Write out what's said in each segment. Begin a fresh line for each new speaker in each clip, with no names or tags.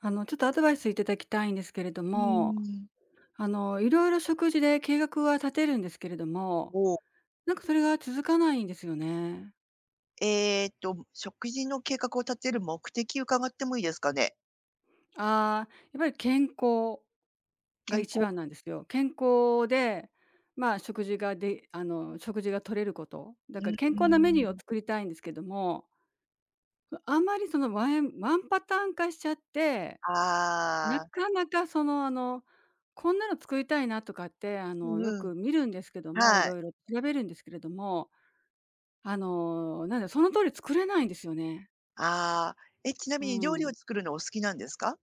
あの、ちょっと、アドバイス頂きたいんですけれど
う
も、
ーん。
あの、色々、食事で計画は立てるんですけれども、
おお。
なんか、それが続かないんですよね。
ええっと、食事の計画を立てる目的伺ってもいいですかね？
ああ、やっぱり、健康が
健
いち
康。
ばんなんですよ。健康で、まあ、食事がであの、食事が摂れること。だ
う
から
ー
健康なメニューを
ん。
作りたいんですけども。わ、あまり、その、ワエンワンパターン化しちゃって。な
ああ。
かなか、その、あの、こんなの作りたいな、とかって、あ
う
の、
ん
よ
うん。
く見るんですけども、
はい。
色々調べるんですけれども。あの、なんだ、その通り作れないんですよね。
ああ、え、ちな
う
みに料
ー
理
ん。
を作るのお好きなんですか？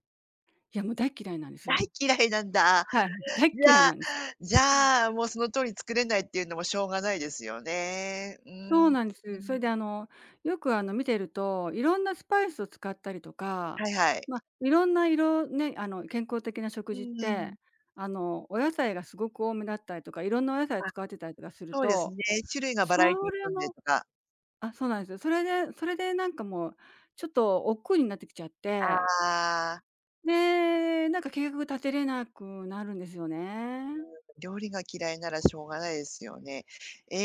いや、もう、大嫌いなんです
大
よ。
嫌いなんだ。
はい、大っ
じ
嫌い
ゃあ、
なんです。
じ
うん。
ゃあ、もうその通りに作れないっていうのもしょうがないですよね。うー
そう
ん。
なんで
う
す。それで、
ん。
あの、よく、あの、見ていると、色んなスパイスを使ったりとか、
はいはい。
まあ、色んな色ね、あの、健康的な食
う
事っ
ー
て、
ん。
あの、お野菜がすごく多めだったりとか、色んなお野菜を
あ、
使ってたりとかする
そうですね、
と、
種類がバラエティ
そ
に
れ
富んでる
も
とか。
あ、そうなんですよ。それでそれで、なんか、もう、ちょっと、億劫になってきちゃっ
あ
て。
あ。
ねえ、なんか計画立てれなくなるんですよね。
うーん、で、料理が嫌いならしょうがないですよね。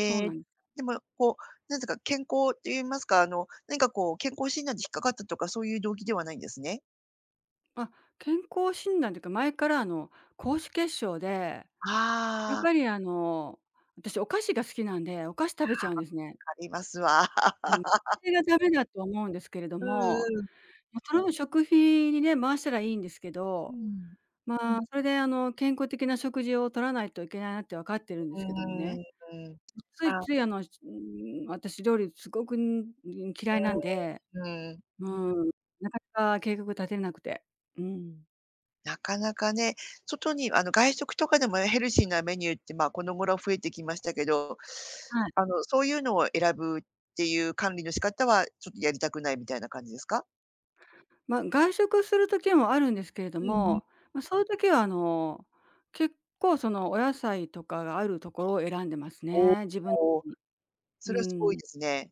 そう
え、
なん
でも、こう、何てか、健康って言いますか、あの、何かこう健康診断で引っかかったとか、そういう動機ではないんですね。
あ、健康診断っていうか前からあの、高脂血症で、やっ
ああ。
ぱりあの、私お菓子が好きなんで、お菓子食べちゃうんですね。
あ、ありますわ。
うん。そ れが駄目だと思うんですけれど
う
も、
んうん。
ま、それを食費にね回したらいいんですけ
う
ど、
ん。
まあ、それであの、健康的な食事を取らないといけないなって分かって
え、
るんですけどもね。
うーん、
うつい
ああ。
ついあの、つうーん、私料理すごく、ん、ん、嫌いなんで。
うーん、うん、
う
うん。
ん。なかなか計画立てなくて。うん。
なかなかね、外にあの、外食とかでもね、ヘルシーなメニューって、まあ、この頃増えてきましたけど、
はい。
あの、そういうのを選ぶっていう管理の仕方はちょっとやりたくないみたいな感じですか？
ま、外食する時もあるんですけれど
うんうん。
も、ま、そういう時はあの、結構そのお野菜とかがあるところを選んでます
おお、
ね。自分に。
おお。そ
う
れはすごい
ん。
ですね。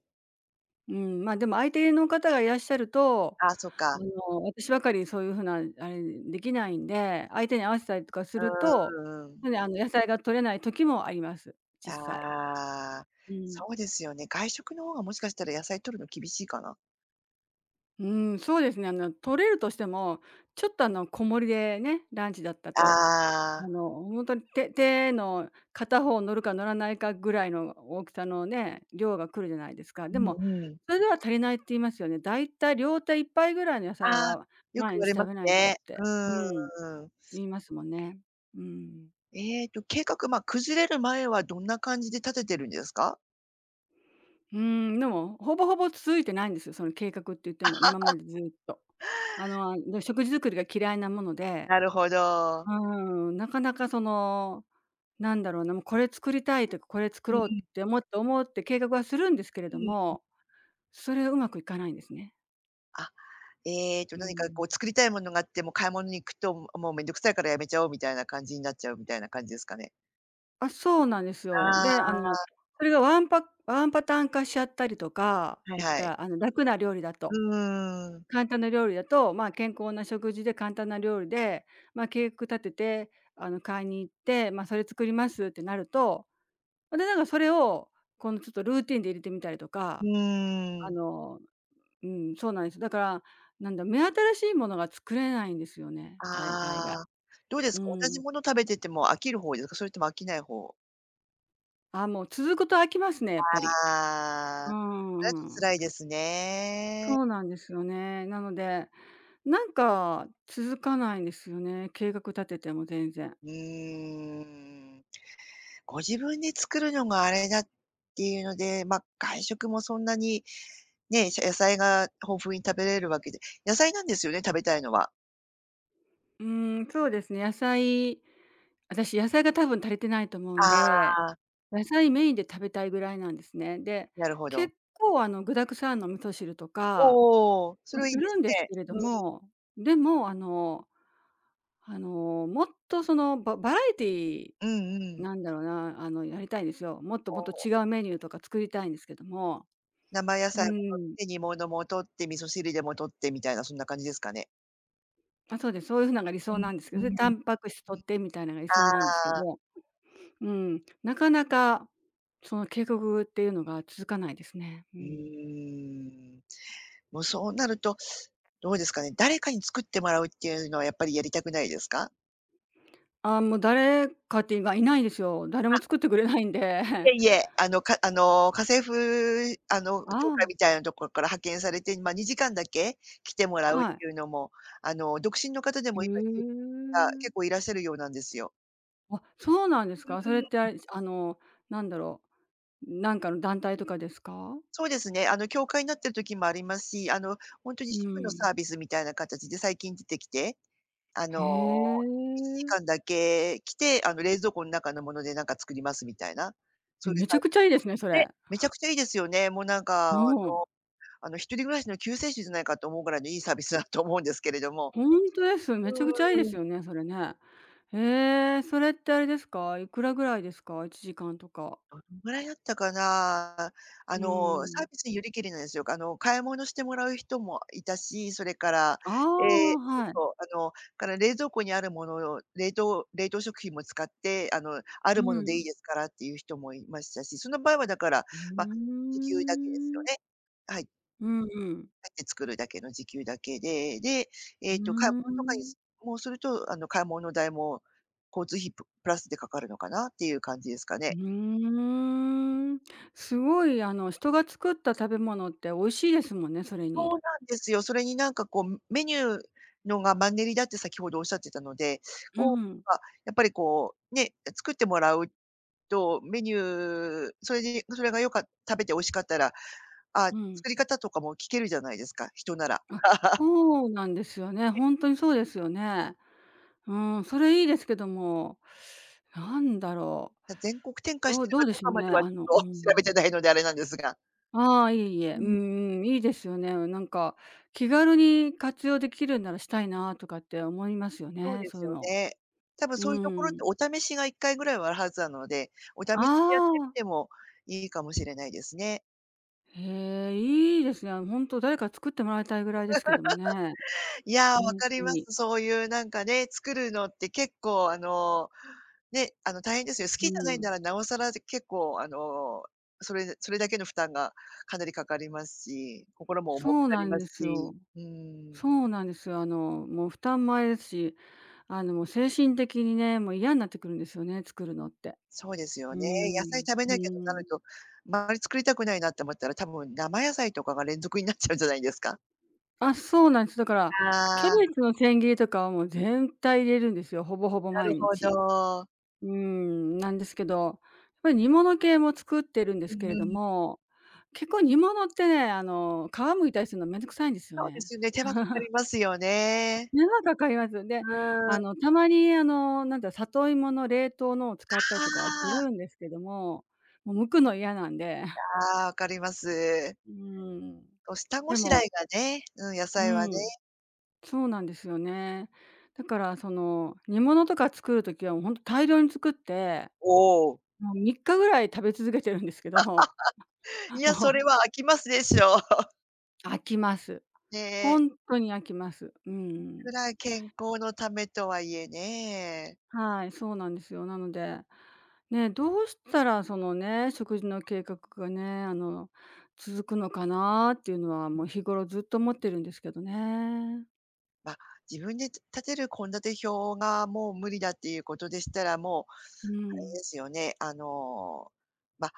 うーん、ま、でも、相手の方がいらっしゃると、
あ、そっ
あ
か。
の、私ばっかりそういう風なあれあれできないんで、相手に合わせたりとかすると
うーん。ううん。
なので、野菜が摂れない時もあります。実際。
ああ、
うん。
そうですよね。外食の方がもしかしたら野菜摂るの厳しいかな。
うん、そうですね、あの、摂れるとしても、ちょっとあの小盛でね、ランチだったと、
あ
あ
あ。
の、ほんとに手手の片方載るか載らないかぐらいの大きさのね、量が来るじゃないですか。
う
でも、
んうん。
それでは足りないって言いますよね。大体両手1杯ぐらいの野菜
ああ、
は
よく
毎
言わ
日
れま
食
す
べないとっ
ね。う
て。うん。
ーん。
言いますもんね。うん。
ええと計画、ま、崩れる前はどんな感じで立ててるんですか？
うーん、でも、ほぼほぼ続いてないんですよ、その計画って言っても、今ま でずっと。あの、あ、で、食事作りが嫌いなもので。
なるほど。
うん、なかなかその、なんだろうな、もう、これ作りたいと、これ作
うー
ろう
ん。
って思って思って計画はするんですけれ
う
ど
ん。う。
も、それ上手くいかないんですね。
あ、ええと
う
何か
ん。
こう作りたいものがあっても買い物に行くと、ももう、面倒くさいからやめちゃおうみたいな感じになっちゃうみたいな感じですかね？
あ、そうなんです
あ
よ。で、あの
あ。
それがワンパワンパターン化しちゃったりとか、
はい
言っ
は
た
い。
らあの楽な料理だ
う
と。
ーん。
簡単な料理だと、まあ、健康な食事で簡単な料理で、まあ、計画立てて、あの買いに行って、まあ、それ作りますってなると、それならそれを、このちょっとルーティーンで入れてみたりと
う
か。
ー
あ
ん。
の、うーん、そうなんです。だから、なんだ、目新しいものが作れないんですよね、大体が。
ああ、どうです
う
か、同じ
ん。
もの食べてても飽きる方ですか？それとも飽きない方？
あ、もう続くと飽きますね、やっぱり。
あ
う
あ、
ー
だと
ん。
辛いですね。
そうなんですよね。なので、なんか続かないんですよね、計画立てても全然。
うーん。ご自分で作るのがあれだっていうので、ま、外食もそんなに、ねえ、じゃあ、野菜が豊富に食べれるわけで野菜なんですよね？食べたいのは。
うーん、そうですね、野菜私野菜が多分足りてないと思うん
あ
で、
あ。
野菜メインで食べたいぐらいなんですね。で、
なるほど。
結構あの具沢山の味噌汁と
おお
か、
おお、そ
ま、
れは
す
いいで
る
す
んです
ね。
けれど も、でもあの、あのもっとそのババラエティー、
うんうん。
なんだろうな、あのやりたいんですよ。もっと
お
もっと
お。
違うメニューとか作りたいんですけども。
生野
う
菜も摂っ
ん。
て、煮物も摂って、味噌汁でも摂ってみたいな、そんな感じですかね？
あ、そうです、そういう風なんが理
う
想なんですけど、
ん、う
で、
んう
タ
ん。
ンパク質摂ってみたいなのが理想
はい。
なんですけど
ああ。
も、ん、うん、なかなか、その計画っていうのが続かないですね。う
う
ん。
ーん。もうそうなると、どうですかね、誰かに作ってもらうっていうのは、やっぱりやりたくないですか？
ああ、もう誰かっていうがいないですよ。誰も
あ。
作ってくれないんで。
いえ いえ、あのかあの、家政婦あの協
あ
会
あ。
みたいなところから派遣されて、ま、2時間だけ、来てもらうっ
はい。
ていうのも、あの、独身の方で
へ
も今 が
え。
結構いらっしゃるようなんですよ。
あ、そうなんです
う、う
か。それって、あ
ーん。
れ、あの、なんだろう、ん、なんかの団体とかですか？
そうですね、あの、協会なってる時もありますし、あの、ほんと
う
に
ー
主婦の
ん。
サービスみたいな形で最近出てきて、あ
へ
の、いちじ
え。
かんだけ来て、あの、冷蔵庫の中のもので何か作りますみたいな、そうい
ん、
う
めち
さ
ゃ
い
くちゃいいですね、そ
で、
れ。
めちゃくちゃいいですよね。もう、なんか、あ
う
の
ーん。
あの一人暮らしの救世主じゃないかと思うぐらいのいいサービスだと思うんですけれども。
ほんとです、
う
めちゃくちゃいいで
ーん。
すよね、それね。ええ、それってあれですか。いくらぐらいですか？1時間とか。
どのぐらいだったかな。
う
あ
ー
の、サー
ん。
ビスによりけりなんですよ。あの、買い物してもらう人もいたし、それから、
あ
ええ、
あ、
そう
はい
そう、あの、から、冷蔵庫にあるものを冷凍冷凍食品も使って、あの、あ
う
るもので
ー
いい
ん。
ですからっていう人もいましたし、その場合は、だから、
うー
ま、時給だけですよ
ん。
ね。はい。
うんうん。
って作るだけの時給だけで、で、え
う
えと、買い
ー
物とかに
ん。
もすると、あの、買い物代も、交通費ププラスでかかるのかなっていう感じですか
ふ
ね。
ーん。すごい、あの、人が作った食べ物って美味しいですもんね、それに。
そうなんですよ。それに、なんか、こう、むメニューのがマンネリだって先ほどおっしゃってたので、
う
こ
ん。
う、か、やっぱり、こう、ね、え、作ってもらうと、メニューそれで、それが良かった食べて美味しかったら、ああ、
うん。
作り方とかも聞けるじゃないですか、人なら。
あ、そうなんですよね。
ね。
ほんとにそうですよね。うん、それいいですけども、何だろ
た全国展
う。
開し
ど
て
う
る
ど
か
うで
どう
しょ
か
う
ま
ね、
で
あ
は、ち
のう
ょっと調べ
ん。
てないのであれなんですが。
ああ、いえいえ、
う
うん
ん。
うん、いいですよね。なんか気軽に活用できるんならしたいなとかって思いますよ
そう
ね、
で
そう
す
いう
よ
の。
ね。多分
う
そういうところって
ん。
お試しが1回ぐらいはあるはずなので、お試しでやって
あ
み
あ。
てもいいかもしれないですね。
へえ、いいですね。ほんと誰か作ってもらいたいぐらいですけどもね。
いや、
ほ
わ
ん
か
と
りま
に。
す。そういうなんかね、作るのって結構あの、ね、あの大変ですよ。好き
う
じゃないん
ん。
なら尚更、じゃ、結構、あの、それでそれだけの負担がかなりかかりますし、心も
そ
重く
う
な
な
り
ん
ま
で
す
す
し、
よ。
うーん。
そうなんですよ、あの、もう負担もあれですし、あの、もう精神的にね、もう嫌になってくるんですよね、作るのって。
そうですよ
う
ね、野菜
ん、
食べ
う
なきゃとなる
ん。
と、ま、あんまり作りたくないなって思ったら、多分生野菜とかが連続になっちゃうんじゃないですか？
あ、そうなんです。だから、キャ
あ
ベ
あ。
ツの千切りとかはもう全体入れるんですよ、ほぼほぼ
な
毎
るほ
日。
ど。
うーん、なんですけど、やっぱり煮物系も作ってるんで
う
す
ん
けれ
う
ど
ん。
も、結構煮物ってね、あの、皮剥いたりするの面倒くさいんですよ
そうで
ね。
すね、手間かかりますよね。
手間かかりますよ
う
ね。
ー
あ
ん。
の、たまにあの、なんだ、里芋の冷凍のを使った
あ
りとかはす
あ。
るんですけども、もう剥くの嫌なんで
ああ、分かります。
うーん。
こう下ご
で
しらえ
も
がね、うん、野
う
菜はね。
ん。そうなんですよね。だからその、煮物とか作る時は、ほんと大量に作って。
おお。
もう3日ぐらい食べ続けてるんですけど、
い や、そ
もう
れは飽きますでしょう。
飽きます。ほ
で。
んとに飽きます。う
い
ん。
くら健康のためとはいえね。
はい、そうなんですよ。なので、ね、どうしたらそのね、食事の計画がね、あの、続くのかなっていうのは、も う日頃ずっと思ってるんですけどね。
ま、自分でつたてる献立表がもう無理だっていうことでしたら、もう、
う
あれ
ん。
ですよね、あの、ま、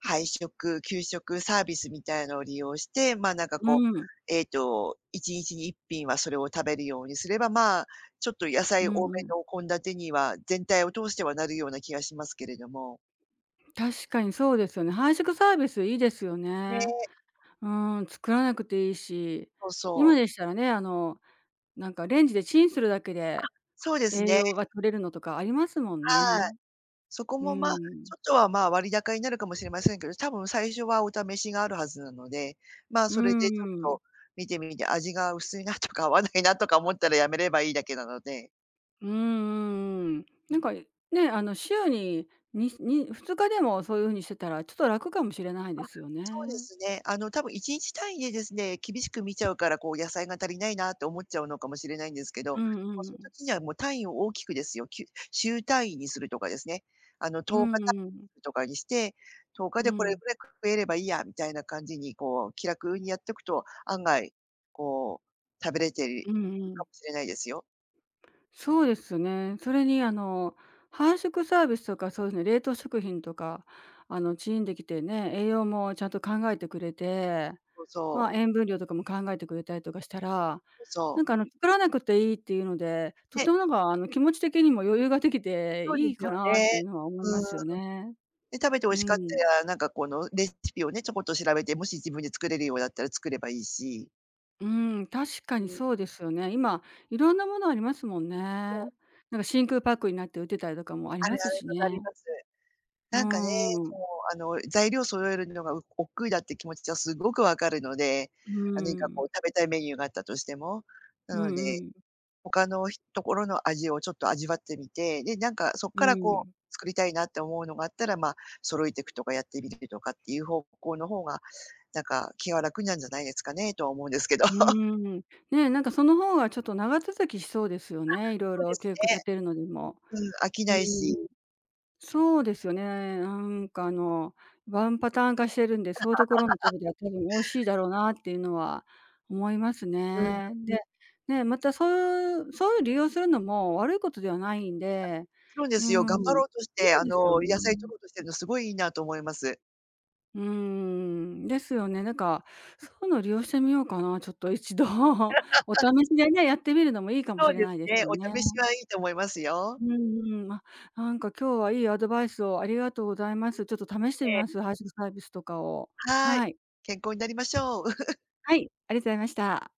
配食、給食サービスみたいのを利用して、まあなんかこう、
うん。
えっと、1日に1品はそれを食べるようにすれば、まあ、ちょっと野菜
う
多
んう
め
ん。
の献立には全体を通してはなるような気がしますけれども。
確かにそうですよね。配食サービスいいですよね。
ね。
うん、作らなくていいし、
そうそ
今
う。
でしたらね、あのなんか、レンジでチンするだけ
あ、
で、
そうです
栄
ね。
養が取れるのとかありますもん
はい。
ね。
そこ
う
もまあ、
ん。
ちょっとはまあ、割高になるかもしれませんけど、多分最初はお試しがあるはずなので、まあ、
う
それでちょっ
ーん。
と見てみて、味が薄いなとか合わないなとか思ったらやめればいいだけなので。
うんうんうん。なんか、ね、あの、週に、にに2日でもそういう風にしてたら、ちょっと楽かもしれないで
あ、
すよ
そうで
ね。
すね、あの、たぶん1日単位でですね、厳しく見ちゃうからこう野菜が足りないなと思っちゃうのかもしれないんですけ
う
ど、
ん
ま、
う
その
ん。
時にはもう単位を大きくですよ、きゅ週単位にするとかですね、あの、
う
10日
ん
単
うん。
位とかにして、10日
う
でこれ
ん。
ぐらい食えればいいやみたいな感じにこう気楽にやっとくと、案外、こう食べれてる
うんうん。
かもしれないですよ。
そうですね。それにあの、配食サービスとかそういうふ冷凍食品とか、あのチーンできてね、栄養もちゃんと考えてくれて、
そうそう。
ま塩分量とかも考えてくれたりとかしたら、
そ
な
う。
んかあの作らなくていいっていうので、と
ね。
てもなんかあの気持ち的にも余裕ができて
そうで
いい
す
か
よ
なってい
ね。
うのは思いま
うん。
すよね。
で食べて美味
う
しかって
ん。
ら、なんかこのレシピをね、ちょこっと調べて、もし自分で作れるようだったら作ればいいし。
うん、確かに
うん。
そうですよね。今いろんなものありますもんね。
そう。
なんか真空パックになって売ってたりとかもあり
ある
ます
ある、
し
分かり
ね。
ます。
うー
なんかね、も
ん。
うあの、材料揃えるのがう億劫だって気持ちはすごくわかるので、
うー
何か
ん。
こう食べたいメニューがあったとしても。
う
な
ん、
の
う
で、
ん。
他のひ所の味をちょっと味わってみて、で、なんかそっ
う
からこう
ん。
作りたいなって思うのがあったらま、揃えてくとかやってみるるとかっていう方向の方が、なんか気は楽になるんじゃないですかねと思うんですけど。
うーん。ね、なんかその方がちょっと長続きしそうですよ
あ、
ね。いろい
そうで
ろ
す
計画
ね。
立てるのにも。
うん、飽き
う
ないし。
ーん。そうですよね。なんかあの、ワンパターン化してるんで、そういうところの食 べたら多分、美味しいだろうなっていうのは思います
うん。
ね。で、ね、また、そうそういう利用するのも悪いことではないんで、
そうで
う
すよ、
ー
頑張
ん、
ろうとし
い
て、あ
いですよ
の、野菜摂
ね。
ろうとしてるの、すごいいいなと思います。
うーん、ですよね。なんか、そういうの利用してみようかな、ちょっと一度お 試しでね、やってみるのもいいかも
そ
し
う
れ
です
ないです
ね、
よね。
お試しはいいと思いますよ。
うーん、ま、なんか今日はいいアドバイスをありがとうございます。ちょっと試してみ
ええ。
ます。配食サービスとかを
はい、
はい。
健康になりましょう。
はい、ありがとうございました。